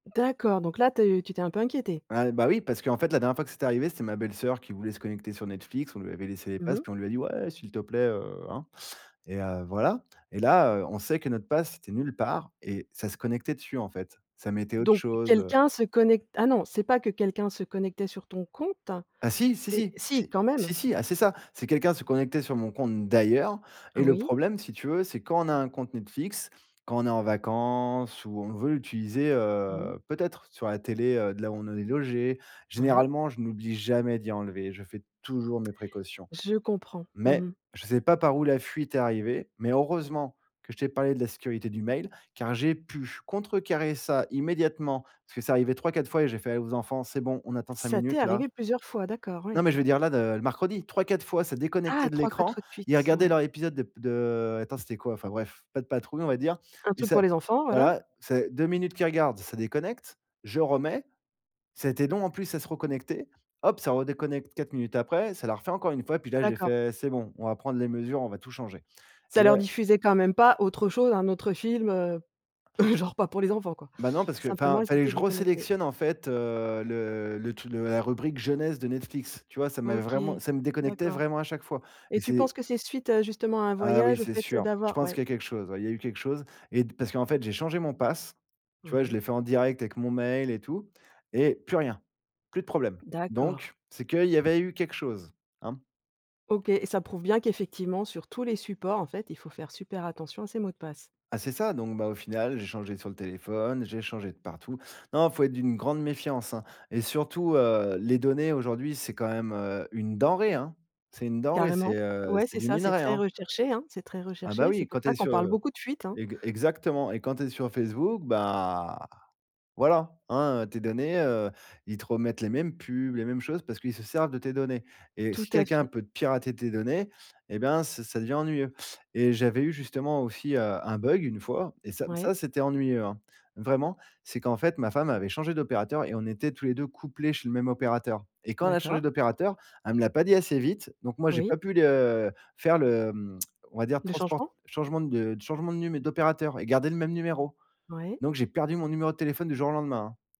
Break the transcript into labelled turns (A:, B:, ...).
A: D'accord, donc là, tu es tu t'es un peu inquiété?
B: Ah, bah oui, parce qu'en fait, la dernière fois que c'était arrivé, c'était ma belle-soeur qui voulait se connecter sur Netflix. On lui avait laissé les
A: Mmh
B: pass,
A: mh.
B: puis on lui a dit: «Ouais, s'il te plaît, heu, hein, et heu voilà» et là, heu, on sait que notre pass était nul part et ça se connectait dessus, en fait. Ça mettait autre
A: Donc
B: chose, heu
A: quelqu'un se connect ah non, c'est pas que quelqu'un se connectait sur ton compte,
B: Ah si, si,
A: c'est
B: si.
A: si
B: Si,
A: quand même?
B: si, si, ah, c'est ça, c'est quelqu'un se connectait sur mon compte, d'ailleurs.
A: Ah
B: Et le
A: oui.
B: problème, si tu veux, c'est quand on a un compte Netflix, quand on est en vacances ou on veut l'utiliser,
A: Oui.
B: heu, peut-être sur la télé, heu, de là où on est logés.
A: Ouais.
B: Généralement, je n'oublie jamais d'y enlever. Je fais toujours mes précautions,
A: Je comprends. Mmh
B: mais
A: mh.
B: je sais pas par où la fuite est arrivée. Mais heureusement que je t'ai parlé de la sécurité du mail, car j'ai pu contrecarrer ça immédiatement, puisque c'est arrivé 3-4 fois et j'ai fait aux enfants: «C'est bon, on attend 5
A: Ça t'est
B: minutes là».
A: arrivé plusieurs fois, d'accord,
B: Non,
A: ouais.
B: mais je veux dire là, de le mercredi 3-4 fois, ça
A: Ah!
B: déconnectait de
A: 3-4
B: l'écran.
A: fois de
B: Ils
A: suite,
B: regardaient
A: ouais.
B: leur épisode de p de heu, attends, c'était quoi? Enfin bref, Pat Patrouille, on va dire.
A: Un
B: Et
A: truc
B: ça
A: pour les enfants, voilà.
B: voilà, c'est 2 minutes qu'ils regardent, ça déconnecte, je remets, ça a été long, en plus, à se reconnecter. Hop! ça redéconnecte 4 minutes après. Ça l'a refait encore 1 fois. Et puis là, j'ai
A: D'accord.
B: fait, c'est bon, on va prendre les mesures, on va tout changer. Et
A: Ça leur
B: là
A: diffusait quand même pas, autre chose, un autre film, heu, genre, pas pour les enfants, quoi.
B: Ben non, parce que,
A: Simplement,
B: enfin,
A: elles
B: fallait
A: étaient
B: que je
A: déconnectées.
B: re-sélectionne en fait, heu, le le truc de la rubrique jeunesse de Netflix. Tu vois? Ça m'avait
A: OK.
B: vraiment ça me déconnectait
A: D'accord
B: vraiment à chaque fois. Et
A: et tu penses
B: c'est
A: que c'est suite, heu, justement à un
B: Ah oui,
A: voyage au
B: c'est
A: fait, heu,
B: sûr. Je
A: d'avoir
B: pense
A: Ouais.
B: qu'il y a quelque chose. Ouais, il y a eu quelque chose et d parce qu'en fait, j'ai changé mon pass, tu vois? Et je
A: Ouais.
B: l'ai fait en direct, avec mon mail et tout et plus rien, plus de problème.
A: D'accord.
B: Donc, c'est qu'il y avait eu quelque chose. Hein.
A: OK et ça prouve bien qu'effectivement, sur tous les supports, en fait, il faut faire super attention à ses mots de passe.
B: Ah c'est ça, donc ben, au final, j'ai changé sur le téléphone, j'ai changé de partout. Non, il faut être d'une grande méfiance, hein, et surtout, heu, les données, aujourd'hui, c'est quand même, heu, une denrée, hein. C'est une denrée, c'est,
A: Carrément.
B: heu,
A: Ouais,
B: c'est
A: c'est
B: du
A: ça, c'est
B: minerai,
A: très
B: hein.
A: recherché, hein, c'est très
B: Ah bah,
A: recherché, c'est
B: oui,
A: pour
B: quand tu
A: ça
B: es
A: qu'on
B: sur,
A: parle
B: heu,
A: beaucoup de fuites, hein.
B: eg exactement et quand tu es sur Facebook, bah, voilà. Hein, heu, tes données, heu, ils te remettent les mêmes pubs, les mêmes choses parce qu'ils se servent de tes données et
A: Tout
B: si
A: à
B: quelqu'un
A: fait.
B: peut te pirater tes données et ben, ça ça ça devient ennuyeux et j'avais eu justement, aussi, heu, un bug, 1 fois et ça
A: Ouais.
B: ça, c'était ennuyeux, hein. Vraiment, c'est qu'en fait, ma femme avait changé d'opérateur et on était tous les 2 couplés chez le même opérateur et quand on a changé
A: D'accord.
B: d'opérateur, elle me l'a pas dit assez vite. Donc moi, j'ai
A: Oui.
B: pas pu le, heu, faire le, mmh, on va dire
A: Le
B: transport
A: changement?
B: changement de changement de num d'opérateur et garder le même numéro.
A: Ouais.
B: Donc, j'ai perdu mon numéro de téléphone du jour au lendemain.